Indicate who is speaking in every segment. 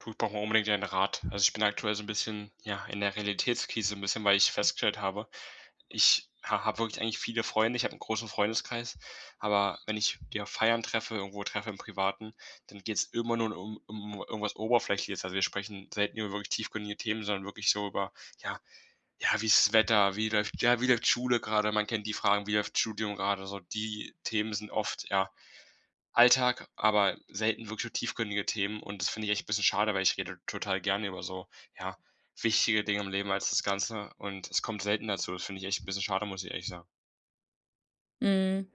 Speaker 1: Du, ich brauche mal unbedingt deinen Rat. Also, ich bin aktuell so 'n bisschen, ja, in der Realitätskrise 'n bisschen, weil ich festgestellt habe, ich ha habe wirklich eigentlich viele Freunde, ich habe 'n großen Freundeskreis, aber wenn ich die auf Feiern treffe, irgendwo treffe im Privaten, dann geht's immer nur um um irgendwas Oberflächliches. Also, wir sprechen selten über wirklich tiefgründige Themen, sondern wirklich so über: „Ja, ja, wie ist das Wetter? Wie läuft ja, wie läuft Schule grade?“ Man kennt die Fragen: „Wie läuft Studium grade?“ So, die Themen sind oft, ja, Alltag, aber selten wirklich so tiefgründige Themen und das finde ich echt 'n bisschen schade, weil ich rede total gerne über so, ja, wichtige Dinge im Leben als das Ganze und es kommt selten dazu. Das finde ich echt 'n bisschen schade, muss ich ehrlich sagen.
Speaker 2: Mhm.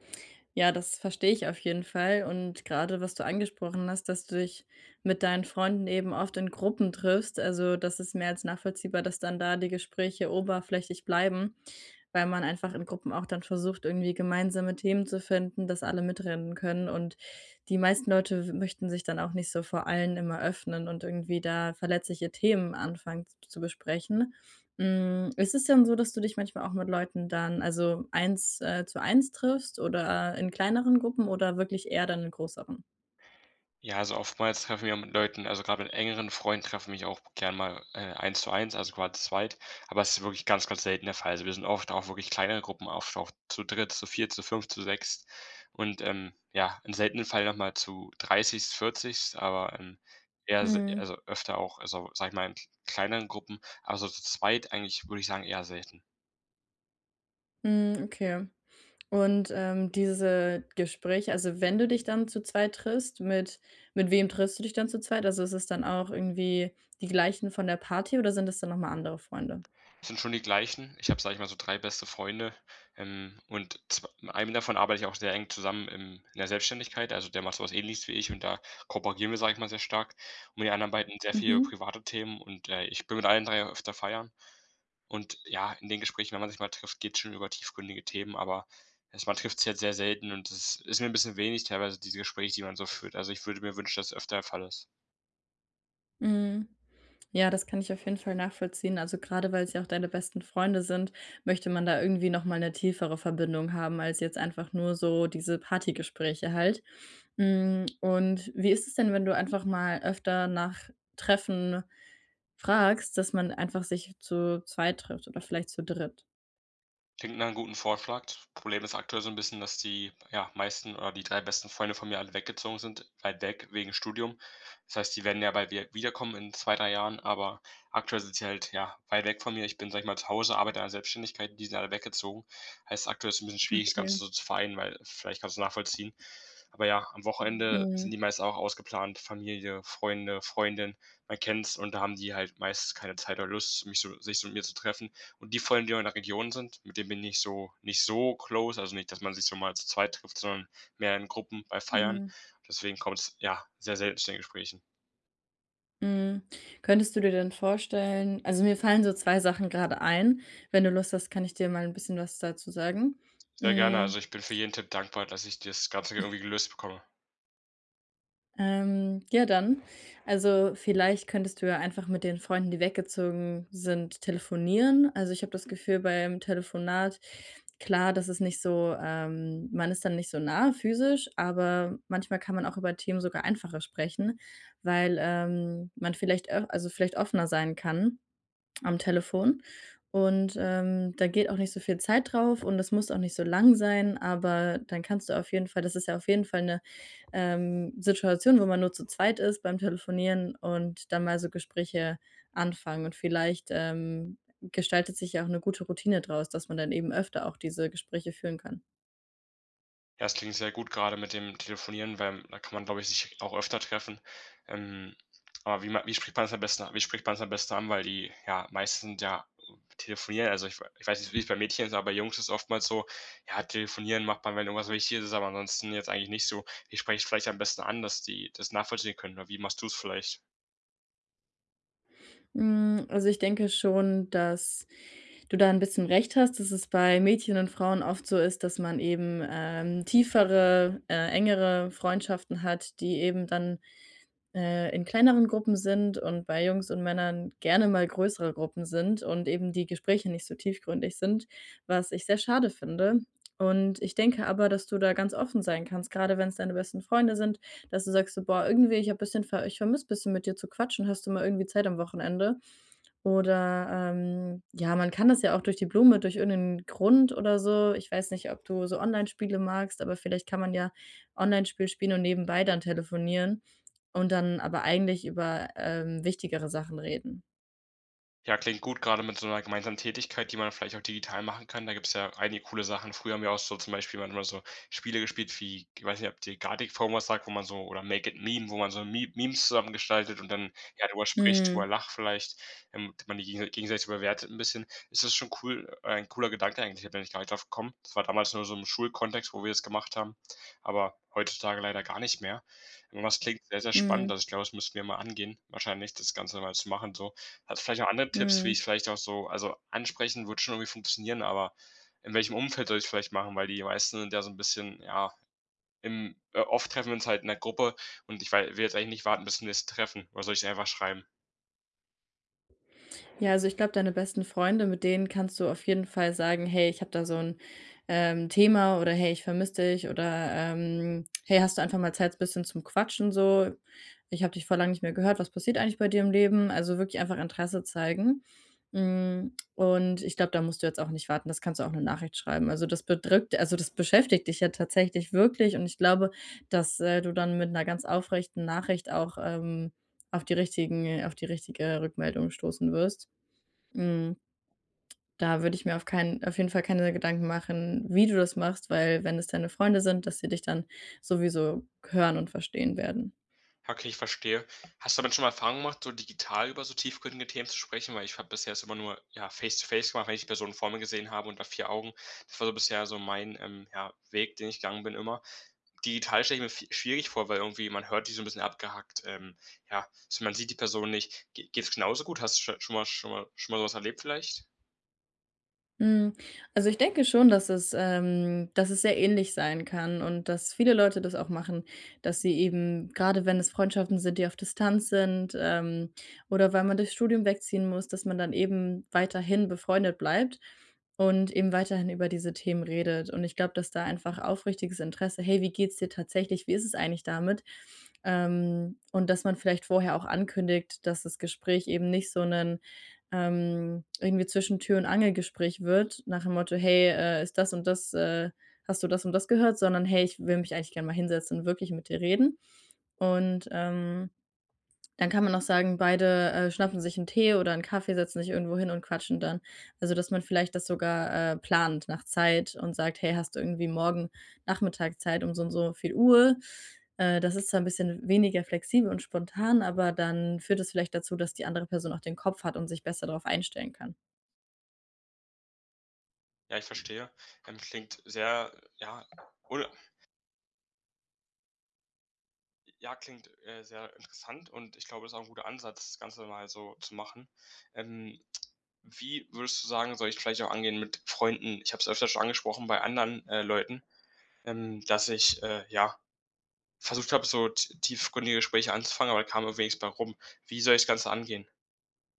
Speaker 2: Ja, das verstehe ich auf jeden Fall. Und grade, was du angesprochen hast, dass du dich mit deinen Freunden eben oft in Gruppen triffst. Also, das ist mehr als nachvollziehbar, dass dann da die Gespräche oberflächlich bleiben, weil man einfach in Gruppen auch dann versucht, irgendwie gemeinsame Themen zu finden, dass alle mitreden können. Und die meisten Leute möchten sich dann auch nicht so vor allen immer öffnen und irgendwie da verletzliche Themen anfangen z zu besprechen. Hm, ist es denn so, dass du dich manchmal auch mit Leuten dann, also, eins, äh, zu eins triffst oder in kleineren Gruppen oder wirklich eher dann in größeren?
Speaker 1: Ja, also, oftmals treffe ich mich auch mit Leuten, also, grade mit engeren Freunden treffe mich auch gerne mal, äh, eins zu eins, also, quasi zu zweit, aber es ist wirklich ganz, ganz selten der Fall. Also, wir sind oft auch wirklich kleinere Gruppen, oft auch zu dritt, zu viert, zu fünft, zu sechst und, ähm, ja, im seltenen Fall noch mal zu dreißigst, vierzigst, aber, ähm, eher, s
Speaker 2: Mhm.
Speaker 1: also, öfter auch, also, sage ich mal in k kleineren Gruppen, aber so zu zweit eigentlich, würde ich sagen, eher selten.
Speaker 2: Mhm, okay. Und, ähm, diese Gespräche also, wenn du dich dann zu zweit triffst, mit mit wem triffst du dich dann zu zweit? Also, ist es dann auch irgendwie die gleichen von der Party, oder sind es dann noch mal andere Freunde?
Speaker 1: Sind schon die gleichen. Ich habe, sage ich mal, so 3 beste Freunde, ähm, und zw mit einem davon arbeite ich auch sehr eng zusammen im in der Selbstständigkeit. Also, der macht so was Ähnliches wie ich und da kooperieren wir, sage ich mal, sehr stark. Und mit den anderen beiden sehr viel über
Speaker 2: Mhm.
Speaker 1: private Themen und, äh, ich bin mit allen 3 öfter feiern. Und, ja, in den Gesprächen, wenn man sich mal trifft, geht's schon über tiefgründige Themen, aber, es man trifft sich halt sehr selten und das ist mir 'n bisschen wenig teilweise, diese Gespräche, die man so führt. Also, ich würde mir wünschen, dass öfter der Fall ist.
Speaker 2: Mhm. Ja, das kann ich auf jeden Fall nachvollziehen, also, grade weil's ja auch deine besten Freunde sind, möchte man da irgendwie noch mal 'ne tiefere Verbindung haben als jetzt einfach nur so diese Partygespräche halt. Hm, und wie ist es denn, wenn du einfach mal öfter nach Treffen fragst, dass man einfach sich zu zweit trifft oder vielleicht zu dritt?
Speaker 1: Klingt nach 'nem guten Vorschlag. T Problem ist aktuell so 'n bisschen, dass die, ja, meisten oder die 3 besten Freunde von mir alle weggezogen sind, weit weg, wegen Studium. Das heißt, die werden ja bald wieder wiederkommen in 2, 3 Jahren, aber aktuell sind sie halt, ja, weit weg von mir. Ich bin, sage ich mal, zu Hause, arbeite an der Selbstständigkeit und die sind alle weggezogen. Heißt, aktuell ist 'n bisschen schwierig, das Ganze
Speaker 2: Okay.
Speaker 1: so zu vereinen, weil vielleicht kannst du's nachvollziehen, aber ja, am Wochenende sind
Speaker 2: Mhm.
Speaker 1: die meisten auch ausgeplant. Familie, Freunde, Freundin, man kennt's und da haben die halt meistens keine Zeit oder Lust, mich so sich so mit mir zu treffen. Und die Freunde, die in der Region sind, mit denen bin ich so, nicht so close. Also nicht, dass man sich so mal zu zweit trifft, sondern mehr in Gruppen bei Feiern.
Speaker 2: Mhm.
Speaker 1: Deswegen kommt's, ja, sehr selten zu den Gesprächen.
Speaker 2: Mhm. Könntest du dir denn vorstellen also, mir fallen so 2 Sachen grade ein. Wenn du Lust hast, kann ich dir mal 'n bisschen was dazu sagen,
Speaker 1: Sehr gerne,
Speaker 2: hm.
Speaker 1: also, ich bin für jeden Tipp dankbar, dass ich das Ganze irgendwie gelöst bekomme.
Speaker 2: Ähm, ja dann also, vielleicht könntest du ja einfach mit den Freunden, die weggezogen sind, telefonieren. Also, ich habe das Gefühl, beim Telefonat klar, das ist nicht so, ähm man ist dann nicht so nah physisch, aber manchmal kann man auch über Themen sogar einfacher sprechen, weil, ähm, man vielleicht au also, vielleicht offener sein kann am Telefon und, ähm, da geht auch nicht so viel Zeit drauf und es muss auch nicht so lang sein, aber dann kannst du auf jeden Fall das ist ja auf jeden Fall 'ne, ähm, Situation, wo man nur zu zweit ist beim Telefonieren, und dann mal so Gespräche anfangen. Und vielleicht, ähm, gestaltet sich ja auch 'ne gute Routine draus, dass man dann eben öfter auch diese Gespräche führen kann.
Speaker 1: Das klingt sehr gut grade mit dem Telefonieren, weil, da kann man, glaube ich, sich auch öfter treffen. Ähm, aber wie ma wie spricht man das am besten a wie spricht man's am besten an? Weil die, ja, meisten d ja, telefonieren. Also, ich we ich weiß nicht, wie's bei Mädchen ist, aber Jungs ist oftmals so, ja, telefonieren macht man, wenn irgendwas Wichtiges ist, aber ansonsten jetzt eigentlich nicht so. Wie spreche ich vielleicht am besten an, dass die das nachvollziehen können? Oder wie machst du's vielleicht?
Speaker 2: Hm, also, ich denke schon, dass du da 'n bisschen recht hast, dass es bei Mädchen und Frauen oft so ist, dass man eben, ähm, tiefere, äh, engere Freundschaften hat, die eben dann, äh, in kleineren Gruppen sind und bei Jungs und Männern gerne mal größere Gruppen sind und eben die Gespräche nicht so tiefgründig sind, was ich sehr schade finde. Und ich denke aber, dass du da ganz offen sein kannst, grade wenn's deine besten Freunde sind, dass du sagst so: „Boah, irgendwie, ich habe bisschen ver ich vermisse bisschen, mit dir zu quatschen. Hast du mal irgendwie Zeit am Wochenende?“ Oder, ähm, ja, man kann das ja auch durch die Blume durch irgend 'nen Grund oder so. Ich weiß nicht, ob du so Onlinespiele magst, aber vielleicht kann man ja Onlinespiel spielen und nebenbei dann telefonieren und dann aber eigentlich über, ähm, wichtigere Sachen reden.
Speaker 1: Ja, klingt gut, grade mit so 'ner gemeinsamen Tätigkeit, die man vielleicht auch digital machen kann. Da gibt's ja einige coole Sachen. Früher haben wir auch so zum Beispiel dann immer so Spiele gespielt wie g weiß nicht, ob dir „Gartic Phone“ was sagt, wo man so oder „Make it Meme“, wo man so Me Memes zusammen gestaltet und dann, ja, drüber spricht, drüber
Speaker 2: Mhm.
Speaker 1: lacht vielleicht, ähm, und man die gegensei gegenseitig bewertet 'n bisschen. Es ist schon cool ein cooler Gedanke eigentlich, da bin ich gar nicht drauf gekommen. Das war damals nur so im Schulkontext, wo wir das gemacht haben, aber heutzutage leider gar nicht mehr. Aber es klingt sehr, sehr spannend.
Speaker 2: Mhm.
Speaker 1: Also, ich glaube, das müssten wir mal angehen wahrscheinlich, das Ganze mal zu machen, so. Hast du vielleicht noch andere Tipps, wie
Speaker 2: Mhm.
Speaker 1: ich vielleicht auch so also, ansprechen würde schon irgendwie funktionieren, aber in welchem Umfeld soll ich's vielleicht machen? Weil die meisten sind ja so 'n bisschen, ja, im äh, oft treffen wir uns halt in 'ner Gruppe und ich wei will jetzt eigentlich nicht warten bis zum nächsten Treffen. Oder soll ich's ihr einfach schreiben?
Speaker 2: Ja, also, ich glaube, deine besten Freunde, mit denen kannst du auf jeden Fall sagen: „Hey, ich habe da so 'n, ähm, Thema“, oder: „Hey, ich vermisse dich“, oder, ähm: „Hey, hast du einfach mal Zeit, bisschen zum Quatschen, so? Ich habe dich voll lang nicht mehr gehört. Was passiert eigentlich bei dir im Leben?“ Also, wirklich einfach Interesse zeigen. Hm, und ich glaube, da musst du jetzt auch nicht warten. Das kannst du auch 'ne Nachricht schreiben. Also, das bedrückt also, das beschäftigt dich ja tatsächlich wirklich und ich glaube, dass, äh, du dann mit 'ner ganz aufrechten Nachricht auch, ähm, auf die richtigen auf die richtige Rückmeldung stoßen wirst. Mhm. Da würde ich mir auf keinen auf jeden Fall keine Gedanken machen, wie du das machst, weil wenn das deine Freunde sind, dass sie dich dann sowieso hören und verstehen werden.
Speaker 1: Ja, okay, ich verstehe. Hast du damit schon mal Erfahrungen gemacht, so digital über so tiefgründige Themen zu sprechen? Weil ich habe bisher es immer nur, ja, Face-to-Face gemacht, wenn ich die Person vor mir gesehen habe unter 4 Augen. Das war so bisher so mein, ähm, ja, Weg, den ich gegangen bin immer. Digital stelle ich mir vi schwierig vor, weil irgendwie man hört die so 'n bisschen abgehackt. Ähm, ja, so, man sieht die Person nicht. Ge geht's genauso gut? Hast du scho schon mal schon mal schon mal so was erlebt vielleicht?
Speaker 2: Hm, also, ich denke schon, dass es, ähm dass es sehr ähnlich sein kann und dass viele Leute das auch machen, dass sie eben grade wenn es Freundschaften sind, die auf Distanz sind, ähm, oder weil man durchs Studium wegziehen muss, dass man dann eben weiterhin befreundet bleibt und eben weiterhin über diese Themen redet. Und ich glaube, dass da einfach aufrichtiges Interesse: „Hey, wie geht's dir tatsächlich? Wie ist es eigentlich damit?“ Ähm, und dass man vielleicht vorher auch ankündigt, dass das Gespräch eben nicht so 'nen, ähm irgendwie Zwischen-Tür-und-Angel-Gespräch wird, nach dem Motto: „Hey, äh, ist das und das äh, hast du das und das gehört?", sondern: „Hey, ich will mich eigentlich gern mal hinsetzen und wirklich mit dir reden.“ Und, ähm, dann kann man auch sagen, beide, äh, schnappen sich 'n Tee oder 'n Kaffee, setzen sich irgendwo hin und quatschen dann. Also, dass man vielleicht das sogar, äh, plant nach Zeit und sagt: „Hey, hast du irgendwie morgen Nachmittag Zeit um so und so viel Uhr?“ Äh, das ist zwar 'n bisschen w weniger flexibel und spontan, aber dann führt es vielleicht dazu, dass die andere Person auch den Kopf hat und sich besser drauf einstellen kann.
Speaker 1: Ja, ich verstehe. Ähm, klingt sehr, ja oder j ja, klingt, äh, sehr interessant und ich glaube, das ist auch 'n guter Ansatz, das Ganze mal so zu machen. Ähm, wie würdest du sagen, soll ich vielleicht auch angehen mit Freunden? Ich habe es öfter schon angesprochen bei anderen, äh, Leuten, ähm, dass ich, äh, ja, versucht habe, so t tiefgründige Gespräche anzufangen, aber da kam irgendwie nichts bei rum. Wie soll ich das Ganze angehen?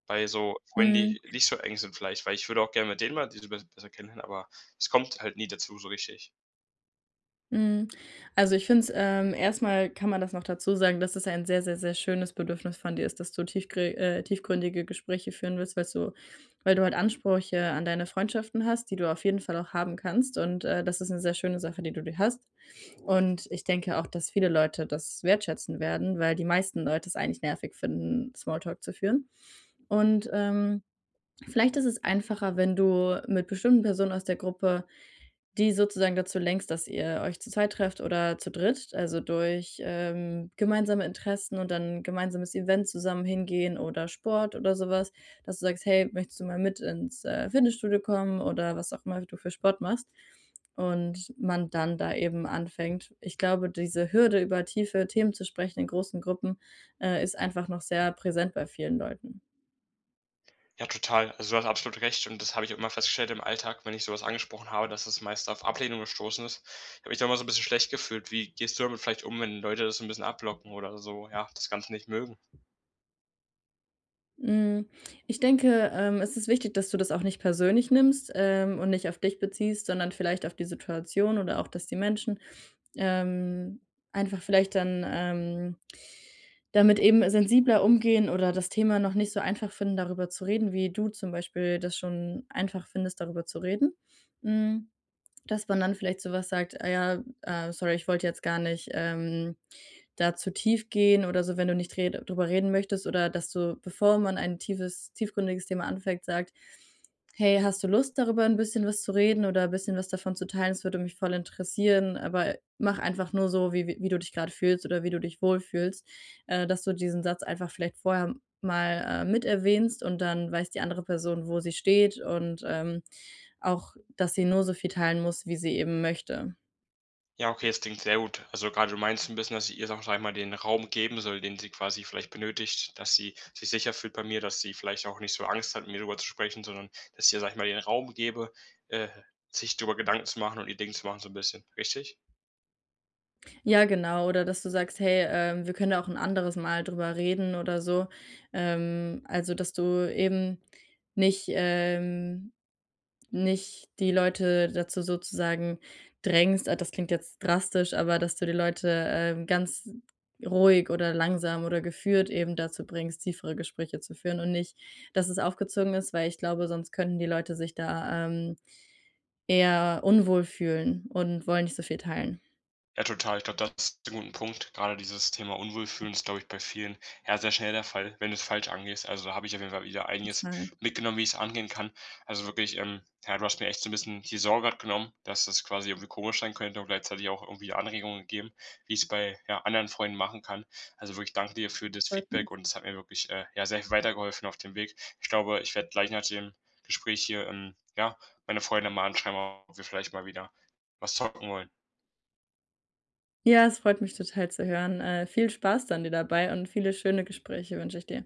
Speaker 1: Bei so Freunden,
Speaker 2: Mhm.
Speaker 1: die nicht so eng sind vielleicht, weil ich würde auch gerne mit denen mal die be besser kennenlernen, aber es kommt halt nie dazu so richtig.
Speaker 2: Mhm. Also, ich finde es, ähm erst mal kann man das noch dazu sagen, dass es ein sehr, sehr, sehr schönes Bedürfnis von dir ist, dass du tiefgre äh, tiefgründige Gespräche führen willst, weil so weil du halt Ansprüche an deine Freundschaften hast, die du auf jeden Fall auch haben kannst. Und, äh, das ist 'ne sehr schöne Sache, die du dir hast. Und ich denke auch, dass viele Leute das wertschätzen werden, weil die meisten Leute es eigentlich nervig finden, Small Talk zu führen. Und, ähm, vielleicht ist es einfacher, wenn du mit bestimmten Personen aus der Gruppe die sozusagen dazu lenkst, dass ihr euch zu zweit trefft oder zu dritt. Also, durch, ähm, gemeinsame Interessen und dann gemeinsames Event zusammen hingehen oder Sport oder so was, dass du sagst: „Hey, möchtest du mal mit ins, äh, Fitnessstudio kommen?" Oder was auch immer du für Sport machst und man dann da eben anfängt. Ich glaube, diese Hürde, über tiefe Themen zu sprechen in großen Gruppen, äh, ist einfach noch sehr präsent bei vielen Leuten.
Speaker 1: Ja, total. Also, du hast absolut recht und das habe ich auch immer festgestellt im Alltag, wenn ich so was angesprochen habe, dass es meist auf Ablehnung gestoßen ist. Ich habe mich dann immer so 'n bisschen schlecht gefühlt. Wie gehst du damit vielleicht um, wenn Leute das so 'n bisschen abblocken oder so, ja, das Ganze nicht mögen?
Speaker 2: Mhm, ich denke, ähm, es ist wichtig, dass du das auch nicht persönlich nimmst, ähm, und nicht auf dich beziehst, sondern vielleicht auf die Situation oder auch, dass die Menschen, ähm, einfach vielleicht dann, ähm, damit eben sensibler umgehen oder das Thema noch nicht so einfach finden, darüber zu reden, wie du zum Beispiel das schon einfach findest, darüber zu reden. Hm, dass man dann vielleicht so was sagt: „Ah ja, äh, sorry, ich wollte jetzt gar nicht, ähm, da zu tief gehen“, oder so, wenn du nicht red drüber reden möchtest, oder dass du, bevor man ein tiefes tiefgründiges Thema anfängt, sagt: „Hey, hast du Lust, darüber 'n bisschen was zu reden oder bisschen was davon zu teilen? Das würde mich voll interessieren, aber mach einfach nur so, wie wie du dich grade fühlst oder wie du dich wohlfühlst.“ Äh, dass du diesen Satz einfach vielleicht vorher mal, äh, mit erwähnst und dann weiß die andere Person, wo sie steht und, ähm, auch, dass sie nur so viel teilen muss, wie sie eben möchte.
Speaker 1: Ja, okay, das klingt sehr gut. Also, grade du meinst 'n bisschen, dass ich ihr, sage ich, einmal den Raum geben soll, den sie quasi vielleicht benötigt, dass sie sich sicher fühlt bei mir, dass sie vielleicht auch nicht so Angst hat, mit mir drüber zu sprechen, sondern dass ich ihr, sage ich mal, den Raum gebe, äh, sich drüber Gedanken zu machen und ihr Ding zu machen so 'n bisschen. Richtig?
Speaker 2: Ja, genau. Oder dass du sagst: „Hey, ähm, wir können da auch 'n anderes Mal drüber reden“, oder so. Ähm, also, dass du eben nicht, ähm nicht die Leute dazu sozusagen drängst. Ah, das klingt jetzt drastisch, aber dass du die Leute, ähm, ganz ruhig oder langsam oder geführt eben dazu bringst, tiefere Gespräche zu führen und nicht, dass es aufgezwungen ist, weil ich glaube, sonst könnten die Leute sich da, ähm, eher unwohl fühlen und wollen nicht so viel teilen.
Speaker 1: Ja, total. Ich glaube, das [unintelligible] 'n guten Punkt. Grade dieses Thema unwohl fühlen ist, glaube ich, bei vielen, ja, sehr schnell der Fall, wenn du's falsch angehst. Also, da habe ich auf jeden Fall wieder einiges
Speaker 2: Total.
Speaker 1: mitgenommen, wie ich's angehen kann. Also, wirklich, ähm, ja, du hast mir echt so 'n bisschen die Sorge grad genommen, dass das quasi irgendwie komisch sein könnte und gleichzeitig auch irgendwie Anregungen gegeben, wie ich's bei, ja, anderen Freunden machen kann. Also, wirklich danke dir für das
Speaker 2: Freut mich.
Speaker 1: Feedback und das hat mir wirklich, äh, ja, sehr viel weitergeholfen auf dem Weg. Ich glaube, ich werde gleich nach dem Gespräch hier, ähm, ja, meine Freunde mal anschreiben, ob wir vielleicht mal wieder was zocken wollen.
Speaker 2: Ja, es freut mich total zu hören. Äh, viel Spaß dann dir dabei und viele schöne Gespräche wünsche ich dir.